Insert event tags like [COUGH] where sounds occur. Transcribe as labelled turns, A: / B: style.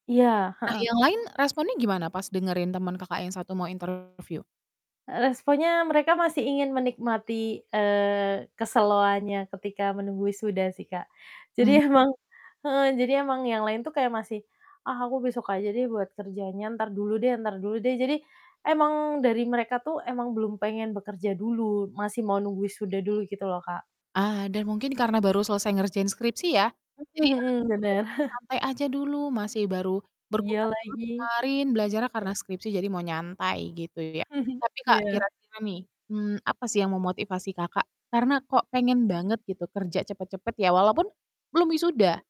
A: Iya,
B: Nah, yang
A: heeh.
B: lain responnya gimana pas dengerin temen Kakak yang satu mau interview?
A: E responnya mereka masih ingin menikmati, eee, keseloannya ketika menunggu wisuda sih, Kak,
B: Mmm?
A: jadi emang heeh, jadi emang yang lain tuh kayak masih, "Ah, aku besok aja deh, buat kerjanya, entar dulu deh entar dulu deh." Jadi emang dari mereka tuh emang belum pengen bekerja dulu, masih mau nunggu wisuda dulu, gitu loh, Kak.
B: Ah, dan mungkin karena baru selesai ngerjain skripsi ya, jadi,
A: Mhm
B: "Ah
A: mhm,
B: udah
A: bener.
B: deh,
A: [CHUCKLES]
B: santai aja dulu masih baru
A: Iya,
B: berkutat banget
A: lagi.
B: kemarin belajarnya karena skripsi, jadi mau nyantai," gitu ya.
A: [CHUCKLES]
B: Tapi, Kak,
A: Iya.
B: kira-kira nih, mmm, apa sih yang memotivasi Kakak karena kok pengen banget gitu kerja cepet-cepet, ya walaupun belum wisuda?